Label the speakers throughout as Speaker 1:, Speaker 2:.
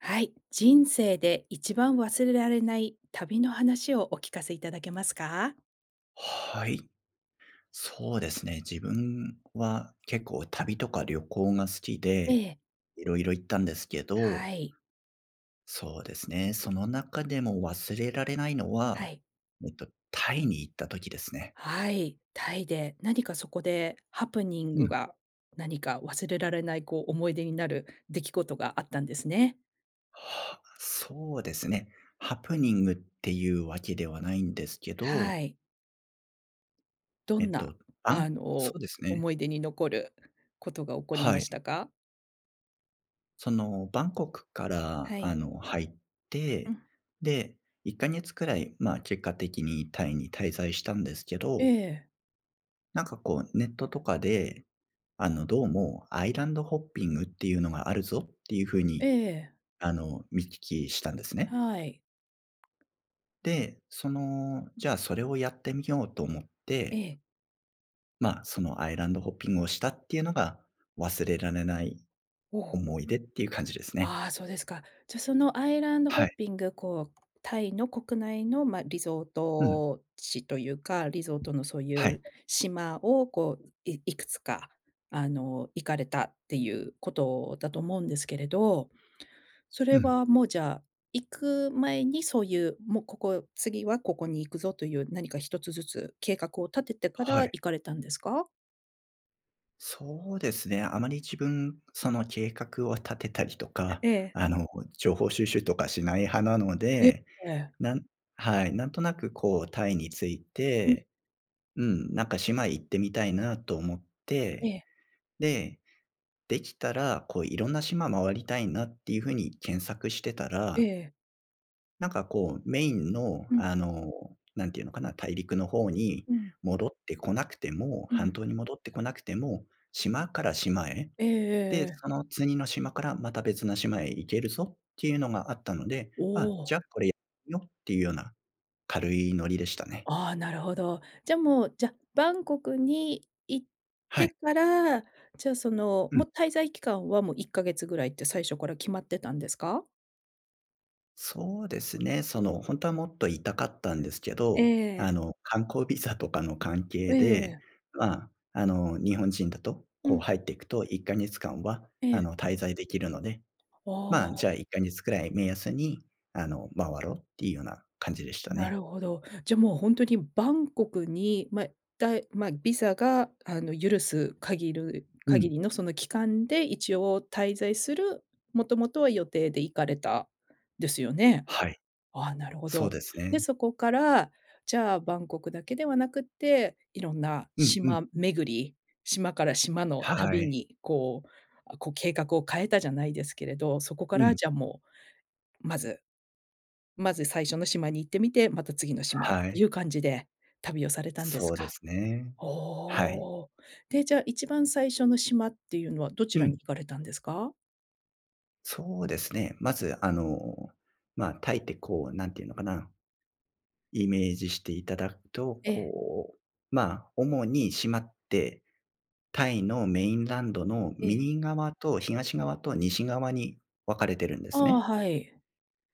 Speaker 1: はい。人生で一番忘れられない旅の話をお聞かせいただけますか？
Speaker 2: はい。そうですね。自分は結構旅とか旅行が好き
Speaker 1: え
Speaker 2: で、
Speaker 1: え。
Speaker 2: 色々行ったんですけ
Speaker 1: は
Speaker 2: ど。
Speaker 1: い。
Speaker 2: そうですね。その中でも忘れられないの
Speaker 1: は
Speaker 2: は、
Speaker 1: い。
Speaker 2: えっとタイに行った時ですね。
Speaker 1: はい、タイで、何かそこでハプニン
Speaker 2: う
Speaker 1: グ
Speaker 2: ん。
Speaker 1: が、何か忘れられない、こう思い出になる出来事があったんですね。
Speaker 2: はあ、そうですね。ハプニングっていうわけではないんですけど。
Speaker 1: はい。ど
Speaker 2: えっ
Speaker 1: んな
Speaker 2: とあ
Speaker 1: あ
Speaker 2: ん、そ
Speaker 1: の、
Speaker 2: うですね。
Speaker 1: 思い出に残ることが起こり
Speaker 2: は
Speaker 1: まし
Speaker 2: い。
Speaker 1: たか？
Speaker 2: そのバンコクから、
Speaker 1: は
Speaker 2: あ
Speaker 1: い。
Speaker 2: の、入っ
Speaker 1: う
Speaker 2: て、
Speaker 1: ん。
Speaker 2: で、1か月くらい、ま、結果的にタイに滞在したんですけ
Speaker 1: え
Speaker 2: ど。
Speaker 1: え。
Speaker 2: なんかこうネットとかで、あの、どうもアイランドホッピングっていうのがあるぞっていう風
Speaker 1: え
Speaker 2: に、
Speaker 1: え。
Speaker 2: あの、見聞きしたんですね。
Speaker 1: はい。
Speaker 2: で、その、じゃ、それをやってみようと思っ
Speaker 1: え
Speaker 2: て。
Speaker 1: え。
Speaker 2: ま、そのアイランドホッピングをしたっていうのが、忘れられない
Speaker 1: うお。
Speaker 2: 思い出っていう感じですね。
Speaker 1: あ、そうですか、じゃそのアイランドホ
Speaker 2: は
Speaker 1: ッ
Speaker 2: い。
Speaker 1: ピング、こう、タイの国内の、ま、リゾー
Speaker 2: うん。
Speaker 1: ト地というか、リゾートのそうい
Speaker 2: はい。
Speaker 1: う島をこう、いいくつかあの、行かれたっていうことだと思うんですけれど。それ
Speaker 2: うん。
Speaker 1: はも、じゃあ、行く前にそういう、もうここ、次はここに行くぞという何か一つずつ計画を立ててから
Speaker 2: はい。
Speaker 1: 行かれたんですか？
Speaker 2: そうですね、あまり自分、その計画を立てたりとか、
Speaker 1: ええ。
Speaker 2: あの情報収集とかしない派なの
Speaker 1: え
Speaker 2: で、
Speaker 1: え。
Speaker 2: なんはい、なんとなくこうタイについ
Speaker 1: ふん。
Speaker 2: て、うん、なんか島へ行ってみたいなと思っ
Speaker 1: え
Speaker 2: て、
Speaker 1: え。
Speaker 2: で、できたらこういろんな島回りたいなっていう風に検索してた
Speaker 1: え
Speaker 2: ら
Speaker 1: え。
Speaker 2: なんかこう、メインの、
Speaker 1: うん。
Speaker 2: あの、何て言うのかな、大陸の方に
Speaker 1: うん。
Speaker 2: 戻ってこなくても、
Speaker 1: う
Speaker 2: 半
Speaker 1: ん。
Speaker 2: 島に戻ってこなくても、島から島へ、
Speaker 1: えええ
Speaker 2: で、
Speaker 1: えええ。
Speaker 2: その次の島からまた別の島へ行けるぞっていうのがあったので、
Speaker 1: お
Speaker 2: あ、じゃあ
Speaker 1: お。
Speaker 2: これ、よっていうような軽いノリでしたね。
Speaker 1: あ、なるほど、じゃもう、じゃ、バンコクに行っ
Speaker 2: はい。
Speaker 1: てから、じゃ、その
Speaker 2: うん。
Speaker 1: もう滞在期間はもう1ヶ月ぐらいって最初から決まってたんですか？
Speaker 2: そうですね。その、本当はもっといたかったんですけ
Speaker 1: ええ
Speaker 2: ど、あ
Speaker 1: ええ。
Speaker 2: の、観光ビザとかの関係
Speaker 1: ええ
Speaker 2: で、
Speaker 1: ええ。
Speaker 2: ま、あの、日本人だと、
Speaker 1: う
Speaker 2: こう、
Speaker 1: ん。
Speaker 2: 入っていくと1ヶ月間は、
Speaker 1: え
Speaker 2: あ
Speaker 1: え。
Speaker 2: の、滞在できるので、
Speaker 1: あ
Speaker 2: ま、じゃあ、
Speaker 1: あ。
Speaker 2: 1ヶ月ぐらい目安に、あの、回ろうっていうような感じでした
Speaker 1: なる
Speaker 2: ね。
Speaker 1: ほど、じゃ、もう、本当にバンコクに、まだま、ビザが、あの、許す限る
Speaker 2: うん。
Speaker 1: 限りのその期間で一応滞在する、もともとは予定で行かれた。ですよね。
Speaker 2: はい。
Speaker 1: あ、なるほ
Speaker 2: そう
Speaker 1: ど。
Speaker 2: です
Speaker 1: で、
Speaker 2: ね。
Speaker 1: そこから、じゃあバンコクだけではなくって、いろんな
Speaker 2: うんう
Speaker 1: 島
Speaker 2: ん。
Speaker 1: 巡り。島から島の
Speaker 2: は
Speaker 1: 旅
Speaker 2: い。
Speaker 1: に、こう、あこう計画を変えたじゃないですけれど、そこか
Speaker 2: う
Speaker 1: ら、
Speaker 2: ん。
Speaker 1: じゃあ、もう、まずまず最初の島に行ってみて、また次の島っ
Speaker 2: は
Speaker 1: て
Speaker 2: い。
Speaker 1: いう感じで、旅をされたんです
Speaker 2: そうで
Speaker 1: か？
Speaker 2: すね、
Speaker 1: お
Speaker 2: はい。
Speaker 1: お。で、じゃあ、一番最初の島っていうのはどち
Speaker 2: う
Speaker 1: ら
Speaker 2: ん。
Speaker 1: に行かれたんですか？
Speaker 2: そうですね、まず、あの、ま、タイって、こう、何て言うのかな。イメージしていただくと、
Speaker 1: ええ。
Speaker 2: こう、ま、主に島って、タイのメインランドの
Speaker 1: ええ。
Speaker 2: 右側と東側と西側に分かれてるんで
Speaker 1: あ
Speaker 2: す
Speaker 1: あ、
Speaker 2: ね。
Speaker 1: はい。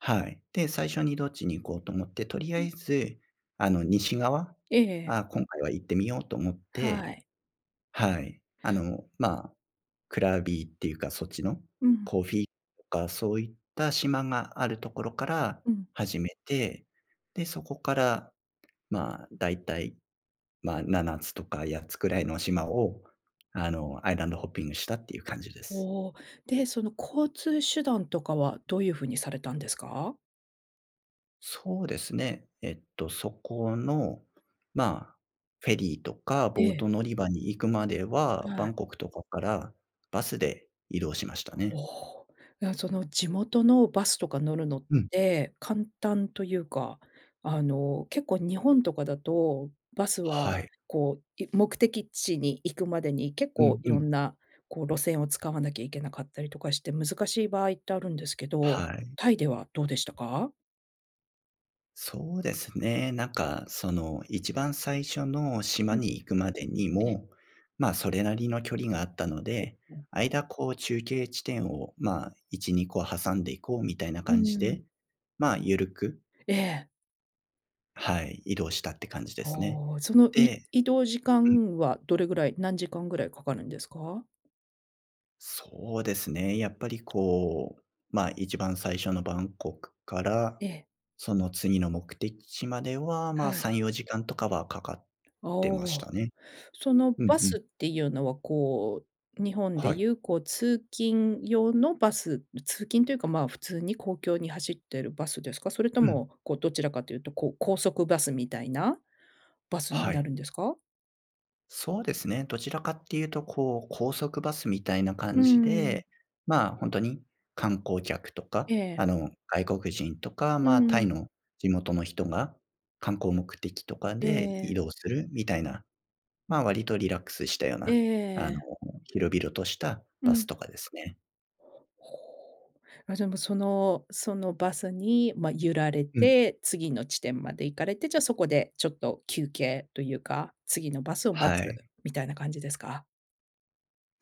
Speaker 2: はい、で、最初にどっちに行こうと思って、とりあ
Speaker 1: う
Speaker 2: え
Speaker 1: ん。
Speaker 2: ず、あの、西側、
Speaker 1: ええええ。
Speaker 2: あ、今回は行ってみようと思っ
Speaker 1: は
Speaker 2: て
Speaker 1: い。
Speaker 2: はい。あの、ま、クラビーっていうか、そっちの
Speaker 1: うん。
Speaker 2: コーフィーとか、そういった島があるところから
Speaker 1: うん。
Speaker 2: 始めて、で、そこから、ま、大体、ま、7つとか8つくらいの島を、あの、アイランドホッピングしたっていう感じです。
Speaker 1: おお、で、その交通手段とかはどういう風にされたんですか？
Speaker 2: そうですね、えっと、そこの、まあ、フェリーとか
Speaker 1: え
Speaker 2: ボー
Speaker 1: え。
Speaker 2: ト乗り場に行くまでは、
Speaker 1: は
Speaker 2: バ
Speaker 1: い。
Speaker 2: ンコクとかからバスで移動しましたね。
Speaker 1: おお、いや、その地元のバスとか乗るのっ
Speaker 2: うん。
Speaker 1: て、簡単というか、あの、結構日本とかだと、バス
Speaker 2: は
Speaker 1: は
Speaker 2: い。
Speaker 1: こう、い目的地に行くまでに結
Speaker 2: う
Speaker 1: 構
Speaker 2: ん
Speaker 1: い
Speaker 2: う
Speaker 1: ろ
Speaker 2: ん。
Speaker 1: んな、こう、路線を使わなきゃいけなかったりとかして、難しい場合ってあるんですけど、
Speaker 2: はい。
Speaker 1: タイではどうでしたか？
Speaker 2: そうですね。なんか、その、1番最初の島
Speaker 1: うん。
Speaker 2: に行くまでに
Speaker 1: ええ。
Speaker 2: も、まあ、それなりの距離があったの
Speaker 1: え、
Speaker 2: で、
Speaker 1: うん。
Speaker 2: 間こう中継地点を、まあ、1、2個挟んでいこうみたいな
Speaker 1: うー
Speaker 2: 感じ
Speaker 1: ん。
Speaker 2: で、まあ、ゆるく
Speaker 1: ええ。
Speaker 2: はい、移動したって感じですね。
Speaker 1: おお、その、い
Speaker 2: で
Speaker 1: 移動時
Speaker 2: うん。
Speaker 1: 間はどれぐらい、何時間ぐらいかかるんですか？
Speaker 2: そうですね。やっぱりこう、ま、1番最初のバンコクから、
Speaker 1: ええ。
Speaker 2: その次の目的地までは、まあ、
Speaker 1: は
Speaker 2: さ
Speaker 1: い。
Speaker 2: んよじかんとかはかかっ
Speaker 1: あ、
Speaker 2: てま
Speaker 1: お
Speaker 2: し
Speaker 1: お。
Speaker 2: たね。
Speaker 1: その
Speaker 2: うん
Speaker 1: バ
Speaker 2: うん。
Speaker 1: スっていうのはこう、日本で
Speaker 2: はい。
Speaker 1: 言うこう通勤用のバス。ま、通勤というか、まあ、普通に公共に走ってるバスですか？それと
Speaker 2: うん。
Speaker 1: も、こうどちらかというと、こう高速バスみたいな、バスに
Speaker 2: は
Speaker 1: な
Speaker 2: い。
Speaker 1: るんですか？
Speaker 2: そうですね。どちらかっていうと、こう、高速バスみたいな
Speaker 1: うー
Speaker 2: 感じ
Speaker 1: ん。
Speaker 2: で、まあ、ほんとに観光客とか、
Speaker 1: ええ。
Speaker 2: あの、外国人とか、
Speaker 1: う
Speaker 2: ま、タイ
Speaker 1: ん。
Speaker 2: の地元の人が観光目的とか
Speaker 1: え
Speaker 2: で移
Speaker 1: え。
Speaker 2: 動するみたいな、ま、割とリラックスしたよう
Speaker 1: え
Speaker 2: な、あの、
Speaker 1: え。
Speaker 2: 広々とした
Speaker 1: う
Speaker 2: バス
Speaker 1: ん。
Speaker 2: とかですね。
Speaker 1: ほほう。あ、じゃ、も、そのそのバスに、ま、揺られ
Speaker 2: うん。
Speaker 1: て、次の地点まで行かれて、じゃそこでちょっと休憩というか、次のバスを待
Speaker 2: はい。
Speaker 1: つみたいな感じですか？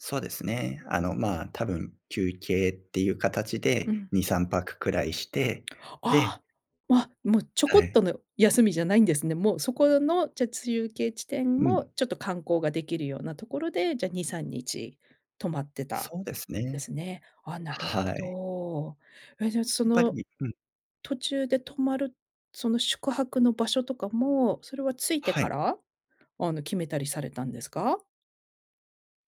Speaker 2: そうですね。あのま、多分休憩っていう形
Speaker 1: う
Speaker 2: で
Speaker 1: ん。
Speaker 2: 2、3泊くらいして、
Speaker 1: あ
Speaker 2: で
Speaker 1: あ。ま、もうちょ
Speaker 2: は
Speaker 1: こっ
Speaker 2: い。
Speaker 1: との休みじゃないんですね。もうそこの、じゃ、中継地点
Speaker 2: う
Speaker 1: も
Speaker 2: ん。
Speaker 1: ちょっと観光ができるようなところで、じゃ2、3日泊まってたん
Speaker 2: そうです
Speaker 1: で
Speaker 2: ね。
Speaker 1: すね。ああ、なるほ
Speaker 2: はい。
Speaker 1: ど、え、じゃあそ
Speaker 2: やっぱ
Speaker 1: の
Speaker 2: りうん。
Speaker 1: 途中で泊まる、その宿泊の場所とかも、それは着いて
Speaker 2: は
Speaker 1: か
Speaker 2: い。
Speaker 1: ら、あの、決めたりされたんですか？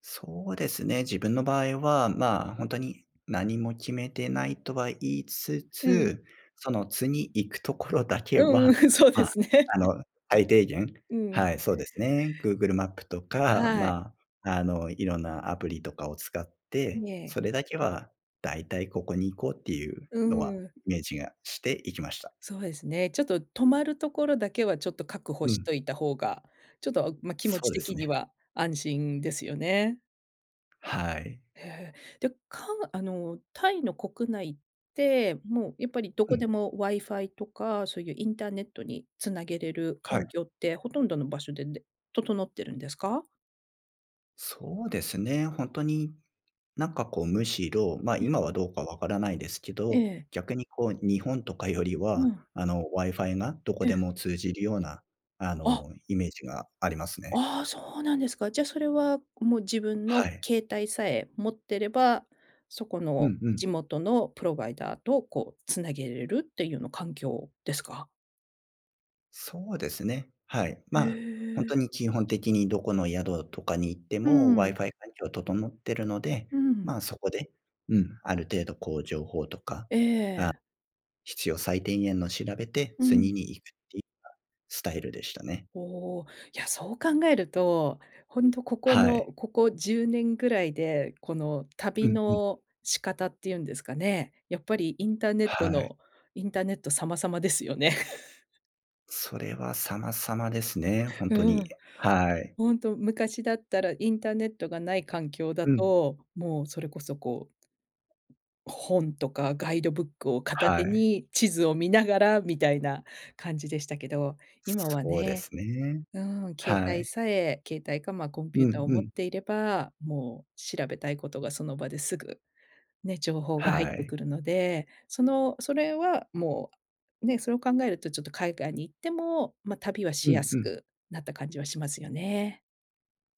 Speaker 2: そうですね。自分の場合は、まあ、ほんとに、何も決めてないとは言いつ
Speaker 1: うん。
Speaker 2: つ、その次行くところだけ
Speaker 1: うんう
Speaker 2: は、
Speaker 1: ん、そうで
Speaker 2: ま、
Speaker 1: すね。
Speaker 2: あの、最低限、
Speaker 1: うん。
Speaker 2: はい、そうですね。Google マップとか、
Speaker 1: はい。
Speaker 2: ま、あの、色んなアプリとかを使って、
Speaker 1: ええ。
Speaker 2: それだけは大体ここに行こうっていう
Speaker 1: う
Speaker 2: のは
Speaker 1: ん。
Speaker 2: イメージがして行きました。
Speaker 1: そうですね、ちょっと、泊まるところだけは、ちょっと確保
Speaker 2: う
Speaker 1: し
Speaker 2: ん。
Speaker 1: といた方が、ちょっと、ま、気持
Speaker 2: そ
Speaker 1: ち
Speaker 2: うです
Speaker 1: 的に
Speaker 2: ね。
Speaker 1: は安心ですよね。
Speaker 2: はい。
Speaker 1: へえ、で、かあの、タイの国内って、もうやっぱりど
Speaker 2: う
Speaker 1: こ
Speaker 2: ん。
Speaker 1: でもワイファイとかそういうインターネットに繋げれる
Speaker 2: は
Speaker 1: 環
Speaker 2: い。
Speaker 1: 境ってほとんどの場所でで、整ってるんですか？
Speaker 2: そうですね。ほんとに、なんかこうむしろ、ま、
Speaker 1: いや。
Speaker 2: 今はどうか分からないですけ
Speaker 1: え
Speaker 2: ど、
Speaker 1: え。
Speaker 2: 逆にこう日本とかより
Speaker 1: う
Speaker 2: は、
Speaker 1: ん。
Speaker 2: あの、ワイファイがどこ
Speaker 1: え
Speaker 2: で
Speaker 1: え。
Speaker 2: も通じるような、あ
Speaker 1: あっ。
Speaker 2: の、イメージがありますね。
Speaker 1: ああ、そうなんですか。じゃあそれは、もう自分
Speaker 2: は
Speaker 1: の
Speaker 2: い。
Speaker 1: 携帯さえ持ってれば、そこ
Speaker 2: う
Speaker 1: の
Speaker 2: んうん。
Speaker 1: 地元のプロバイダーと、こう、繋げれるっていうの環境ですか？
Speaker 2: そうですね、はい、
Speaker 1: へ
Speaker 2: ま、ほんと
Speaker 1: え。
Speaker 2: に基本的にどこの宿とかに行って
Speaker 1: う
Speaker 2: もワイ
Speaker 1: ん。
Speaker 2: ファイ環境整ってるので、
Speaker 1: うん。
Speaker 2: ま、そこで、うん、ある程度こう情報とか、あ
Speaker 1: ええ。
Speaker 2: 必要最低限の調べて、
Speaker 1: う
Speaker 2: 次
Speaker 1: ん。
Speaker 2: に行くっていうようなスタイルでしたね。
Speaker 1: おお、いや、そう考えると、ほんとここ
Speaker 2: はい。
Speaker 1: の、ここ10年ぐらいで、この
Speaker 2: う
Speaker 1: 旅
Speaker 2: んうん。
Speaker 1: の仕方っていうんですかね、やっぱりインターネッ
Speaker 2: は
Speaker 1: ト
Speaker 2: い。
Speaker 1: のインターネット様様ですよね。
Speaker 2: それは様様ですね、ほん
Speaker 1: う
Speaker 2: とに、
Speaker 1: ん、
Speaker 2: やはい。
Speaker 1: 本当、昔だったらインターネットがない環境だ
Speaker 2: うん。
Speaker 1: と、もうそれこそ、こう、本とかガイドブックを片
Speaker 2: は
Speaker 1: 手
Speaker 2: い。
Speaker 1: に地図を見ながらみたいな感じでしたけど、今は
Speaker 2: そうで
Speaker 1: ね
Speaker 2: すね、
Speaker 1: うん、携
Speaker 2: は
Speaker 1: 帯
Speaker 2: い。
Speaker 1: さえ、携帯か、ま、コンピュ
Speaker 2: う
Speaker 1: ータ
Speaker 2: ん
Speaker 1: ーを
Speaker 2: う
Speaker 1: 持っ
Speaker 2: ん。
Speaker 1: ていれば、もう調べたいことがその場ですぐ、ね、情報が入っ
Speaker 2: は
Speaker 1: て
Speaker 2: い。
Speaker 1: くるので、そのそれはもう、ね、それを考えるとちょっと海外に行っても、ま、旅はし
Speaker 2: う
Speaker 1: や
Speaker 2: ん
Speaker 1: す
Speaker 2: うん。
Speaker 1: くなった感じはしますよね。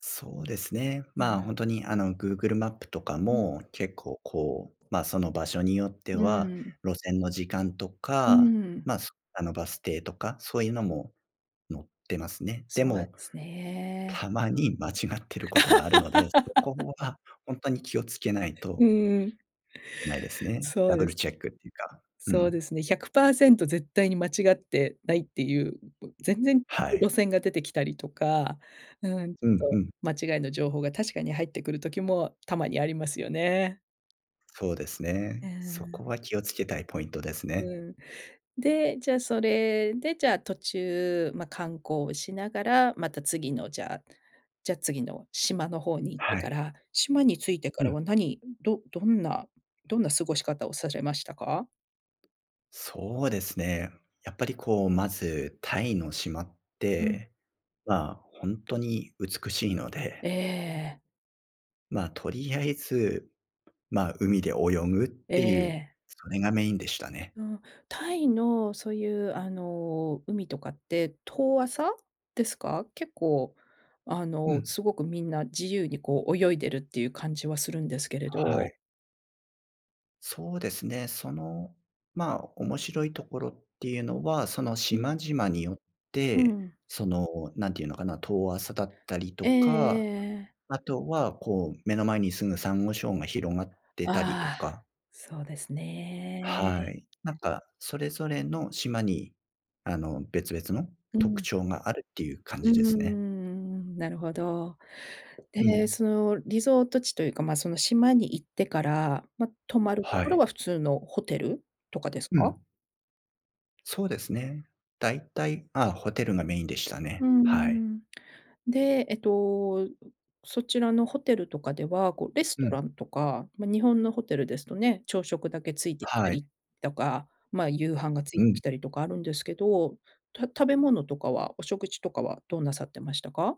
Speaker 2: そうですね、
Speaker 1: う
Speaker 2: ま、
Speaker 1: ん。
Speaker 2: ほんとに、あの、グーグルマップとか
Speaker 1: うん。
Speaker 2: も、結構、こう、ま、その場所によって
Speaker 1: う
Speaker 2: は
Speaker 1: ーん。
Speaker 2: 路線の時間と
Speaker 1: うー
Speaker 2: か、
Speaker 1: ん。
Speaker 2: ま、そあの、バス停とか、そういうのも乗ってますね、で
Speaker 1: そうなんで
Speaker 2: も、
Speaker 1: すね。
Speaker 2: たまに間違ってることがあるので、そこ は本当に気をつけない
Speaker 1: う
Speaker 2: と
Speaker 1: ーん、
Speaker 2: いけないですね、
Speaker 1: そ
Speaker 2: ダ
Speaker 1: う
Speaker 2: ブ
Speaker 1: で
Speaker 2: ル
Speaker 1: す。
Speaker 2: チェックっていうか、う
Speaker 1: そう
Speaker 2: ん。
Speaker 1: ですね、100%絶対に間違ってないっていうう、全然
Speaker 2: はい。
Speaker 1: 路線が出てきたりとか、うん、ち
Speaker 2: う
Speaker 1: ょっ
Speaker 2: んう
Speaker 1: と
Speaker 2: ん。
Speaker 1: 間違いの情報が確かに入ってくる時もたまにありますよね。
Speaker 2: そうです
Speaker 1: え
Speaker 2: ね、
Speaker 1: え、
Speaker 2: そ
Speaker 1: う
Speaker 2: こ
Speaker 1: ん。
Speaker 2: は気を付けたいポイントですね。
Speaker 1: うん、で、じゃあそれでじゃあ途中、ま、観光しながら、また次のじゃじゃ、次の島の方に行って
Speaker 2: はい。
Speaker 1: から、島に着いてか
Speaker 2: う
Speaker 1: ら
Speaker 2: ん。
Speaker 1: は何、どどんなどんな過ごし方をされましたか？
Speaker 2: そうですね、やっぱり、こう、まずタイの島っ
Speaker 1: うん。
Speaker 2: て、ま、本当に美しいので
Speaker 1: ええ。
Speaker 2: ま、とりあえず、ま、海で泳ぐっ
Speaker 1: え
Speaker 2: ていう、
Speaker 1: え。
Speaker 2: それがメインでしたね。
Speaker 1: うん。タイのそういう、あの、海とかって遠浅ですか？結構、あ
Speaker 2: う
Speaker 1: の、
Speaker 2: ん。
Speaker 1: すごくみんな自由にこう、泳いでるっていう感じはするんですけれ
Speaker 2: はい。
Speaker 1: ど。
Speaker 2: そうですね。その、ま、面白いところっていうのは、その
Speaker 1: うん。
Speaker 2: 島々によっ
Speaker 1: う
Speaker 2: て、
Speaker 1: ん。
Speaker 2: その、何て言うのかな、遠浅だったりと
Speaker 1: えええ
Speaker 2: か、
Speaker 1: えええ。
Speaker 2: あとはこう、目の前に住むサンゴ礁が広がってたりと
Speaker 1: ああ、
Speaker 2: か。
Speaker 1: そうですね。
Speaker 2: はい。なんかそれぞれの島に、あの、別々の
Speaker 1: う
Speaker 2: 特
Speaker 1: ん。
Speaker 2: 徴があるっていう感
Speaker 1: う
Speaker 2: じ
Speaker 1: ー
Speaker 2: ですね。
Speaker 1: ん、なるほど。
Speaker 2: う
Speaker 1: で、
Speaker 2: ん。
Speaker 1: そのリゾート地というか、ま、その島に行ってから、ま、泊まると
Speaker 2: は
Speaker 1: ころは
Speaker 2: い。
Speaker 1: 普通のホテルとかです
Speaker 2: う
Speaker 1: か？
Speaker 2: ん。そうですね。大体、ああホテルがメインでした
Speaker 1: う
Speaker 2: ね。
Speaker 1: ー
Speaker 2: はい。
Speaker 1: ん。で、えっと、うそちらのホテルとかでは、こう、レス
Speaker 2: う
Speaker 1: ト
Speaker 2: ん。
Speaker 1: ランとか、まあ、日本のホテルですとね、朝食だけついてきた
Speaker 2: はい。
Speaker 1: りとか、ま、夕飯がつい
Speaker 2: う
Speaker 1: て
Speaker 2: ん。
Speaker 1: きたりとかあるんですけど、た食べ物とかは、お食事とかはどうなさってましたか？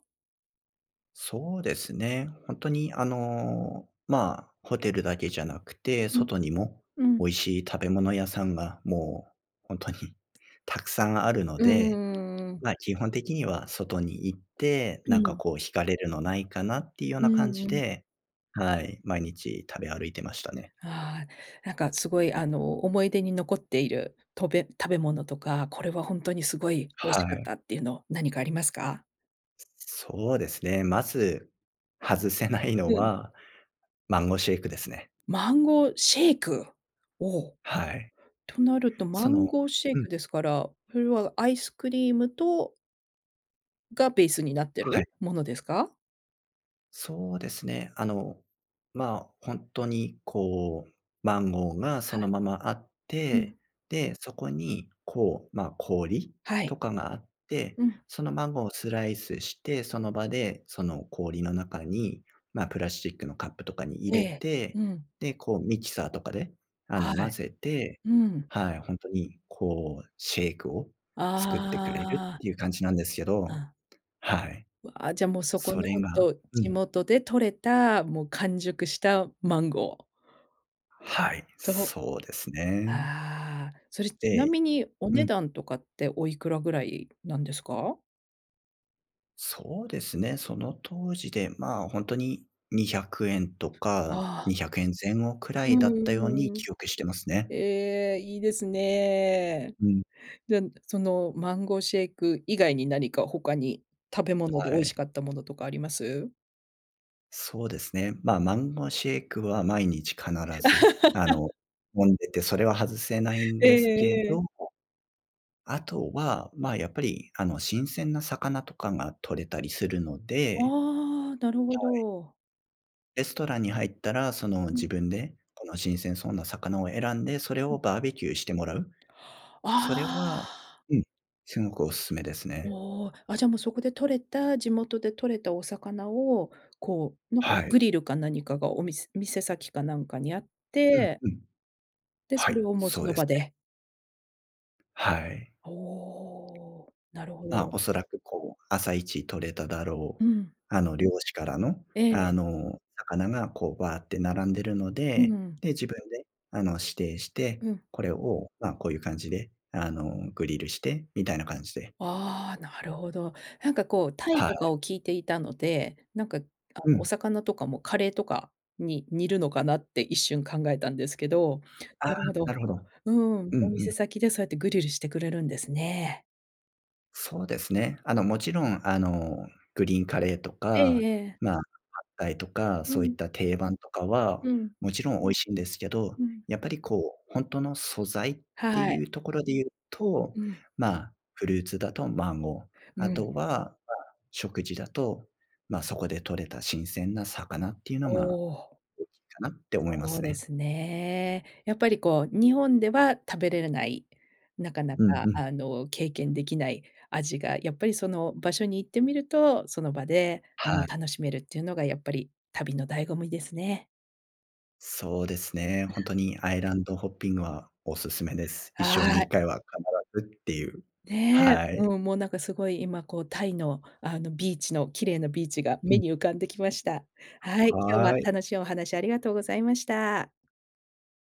Speaker 2: そうですね、ほんとにあの、まあ、ホテルだけじゃなくて、
Speaker 1: うん、
Speaker 2: 外にも、
Speaker 1: うん。
Speaker 2: 美味しい食べ物屋さんがもうほんとにたくさんあるの
Speaker 1: う
Speaker 2: で、
Speaker 1: ーん。
Speaker 2: ま、基本的には外に行って、
Speaker 1: う
Speaker 2: なんか
Speaker 1: ん。
Speaker 2: こう惹かれるのないかなっていうよう
Speaker 1: う
Speaker 2: な感じ
Speaker 1: んうん。
Speaker 2: で、はい、毎日食べ歩いてましたね。
Speaker 1: ああ、なんかすごい、あの、思い出に残っている、とべ食べ物とか、これはほんとにすごい美味
Speaker 2: は
Speaker 1: しかっ
Speaker 2: い。
Speaker 1: たっていうの、何かありますか？
Speaker 2: すそうですね、まず、外せないの
Speaker 1: うん。
Speaker 2: は、マンゴーシェイクですね。
Speaker 1: マンゴーシェイク、お、
Speaker 2: はい。
Speaker 1: となると、マ
Speaker 2: そ
Speaker 1: ン
Speaker 2: の
Speaker 1: ゴーシェイ
Speaker 2: うん。
Speaker 1: クですから、それはアイスクリームとがベースになって
Speaker 2: はい。
Speaker 1: る、ものですか？
Speaker 2: そうですね、あの、まあ、ほんとにこう、マンゴーがそ
Speaker 1: は
Speaker 2: の
Speaker 1: い。
Speaker 2: ままあっ
Speaker 1: うん。
Speaker 2: て、で、そこにこう、まあ、氷
Speaker 1: はい。
Speaker 2: とかがあって、
Speaker 1: うん。
Speaker 2: そのマンゴーをスライスして、その場でその氷の中に、ま、プラスチックのカップとかに入
Speaker 1: え
Speaker 2: れ
Speaker 1: え、
Speaker 2: て、
Speaker 1: うん。
Speaker 2: で、こうミキサーとかで、あの、
Speaker 1: は
Speaker 2: 混
Speaker 1: い、
Speaker 2: ぜて、
Speaker 1: うん。
Speaker 2: はい、ほんとにこうシェイクを作ってくれるっ
Speaker 1: ああ。
Speaker 2: ていう感じなんですけど、
Speaker 1: あ。
Speaker 2: はい、
Speaker 1: うわ、じゃあもうそこ
Speaker 2: そ
Speaker 1: の
Speaker 2: れ
Speaker 1: ほん
Speaker 2: が
Speaker 1: と、
Speaker 2: う
Speaker 1: 地
Speaker 2: ん。
Speaker 1: 元で獲れた、もう完熟したマンゴー。
Speaker 2: はい、
Speaker 1: そう
Speaker 2: そうですね。
Speaker 1: ああ、それちな
Speaker 2: で
Speaker 1: みに、お
Speaker 2: う
Speaker 1: 値
Speaker 2: ん。
Speaker 1: 段とかっておいくらぐらいなんですか？
Speaker 2: そうですね、その当時でまあ、本当に¥200とか
Speaker 1: あ
Speaker 2: に
Speaker 1: あ。
Speaker 2: ひゃくえん前後くら
Speaker 1: う
Speaker 2: い
Speaker 1: ん
Speaker 2: だっ
Speaker 1: う
Speaker 2: たように
Speaker 1: んうん、
Speaker 2: 記憶してますね。
Speaker 1: ええ、いいですね、
Speaker 2: うん。
Speaker 1: じゃ、そのマンゴーシェイク以外に何か他に食べ物で
Speaker 2: は
Speaker 1: 美味し
Speaker 2: い。
Speaker 1: かったものとかあります？
Speaker 2: そうですね、ま、マンゴシェイクは毎日必ずあ の、飲んでて、それは外せないん
Speaker 1: え
Speaker 2: ですけ
Speaker 1: えええ。
Speaker 2: ど、後は、ま、やっぱりあの新鮮な魚とかが獲れたりするので
Speaker 1: ああ、なるほ
Speaker 2: はい。
Speaker 1: ど。
Speaker 2: レストランに入ったら、その
Speaker 1: う
Speaker 2: 自
Speaker 1: ん。
Speaker 2: 分で、この新鮮そうな魚を選んで、それ
Speaker 1: うん。
Speaker 2: をバーベキューしてもらう、
Speaker 1: あ
Speaker 2: それは、
Speaker 1: あ。
Speaker 2: うん、すごくお勧めですね。
Speaker 1: おお、あ、じゃあもうそこで獲れた、地元で獲れたお魚を、こう、なんか
Speaker 2: はい。
Speaker 1: グリルか何かがおみす店先かなんかにあっ
Speaker 2: うん
Speaker 1: て
Speaker 2: うん、
Speaker 1: で、
Speaker 2: は
Speaker 1: そ
Speaker 2: い、
Speaker 1: れをもう
Speaker 2: そ
Speaker 1: そ
Speaker 2: う
Speaker 1: の
Speaker 2: です
Speaker 1: 場
Speaker 2: ね。
Speaker 1: で。
Speaker 2: はい。
Speaker 1: おお、なるほ
Speaker 2: ま、
Speaker 1: ど。
Speaker 2: おそらく、こう、朝一獲れただろ
Speaker 1: う
Speaker 2: う、
Speaker 1: ん。
Speaker 2: あの、漁師からの
Speaker 1: え
Speaker 2: あ
Speaker 1: え。
Speaker 2: の、魚がこう、バアって並んでいるの
Speaker 1: う
Speaker 2: で、
Speaker 1: ん。
Speaker 2: で、自分であの、指定して、
Speaker 1: うん。
Speaker 2: これを、ま、こういう感じで、あの、グリルして、みたいな感じで。
Speaker 1: ああ、なるほど、なんかこうタイ
Speaker 2: はい。
Speaker 1: とかを聞いていたので、なんかあの
Speaker 2: う
Speaker 1: お
Speaker 2: ん。
Speaker 1: 魚とかもカレーとか、に煮るのかなって一瞬考えたんですけど、
Speaker 2: ああ、
Speaker 1: なるほ
Speaker 2: な
Speaker 1: ど、
Speaker 2: るほど、
Speaker 1: うん、
Speaker 2: うん
Speaker 1: お
Speaker 2: う
Speaker 1: 店
Speaker 2: ん。
Speaker 1: 先でそうやってグリルしてくれるんですね。
Speaker 2: そうですね、あの、もちろん、あの、グリーンカレーと
Speaker 1: ええ
Speaker 2: か、
Speaker 1: ええ。
Speaker 2: ま、パッタイとか、
Speaker 1: う
Speaker 2: そういっ
Speaker 1: ん。
Speaker 2: た定番とかは
Speaker 1: うん。
Speaker 2: もちろん美味しいんですけど、
Speaker 1: うん。
Speaker 2: やっぱりこう、本当の素材って
Speaker 1: はい。
Speaker 2: いうところで言うと、
Speaker 1: うん。
Speaker 2: ま、フルーツだとマンゴー、
Speaker 1: う
Speaker 2: あ
Speaker 1: ん。
Speaker 2: とは食事だと、ま、そこで獲れた新鮮な魚っていうのが
Speaker 1: おお。
Speaker 2: 大きいかなって思いま
Speaker 1: そう
Speaker 2: す
Speaker 1: で
Speaker 2: ね。
Speaker 1: すね、やっぱりこう、日本では食べられない、なかな
Speaker 2: うんう
Speaker 1: か
Speaker 2: ん。
Speaker 1: あの経験できない味がやっぱりその場所に行ってみると、その場であの
Speaker 2: はい。
Speaker 1: 楽しめるっていうのがやっぱり旅の醍醐味ですね。
Speaker 2: そうですね、
Speaker 1: う
Speaker 2: 本
Speaker 1: ん。
Speaker 2: 当にアイランドホッピングはお勧めです、一生に
Speaker 1: は
Speaker 2: 一
Speaker 1: い。
Speaker 2: 回は必ずっていう、
Speaker 1: ねえ、
Speaker 2: はい。
Speaker 1: うん、もうなんかすごい今こうタイのあのビーチの綺麗なビーチが
Speaker 2: う
Speaker 1: 目
Speaker 2: ん。
Speaker 1: に浮かんできました。はい、今日は
Speaker 2: はい。
Speaker 1: 楽しいお話ありがとうございました。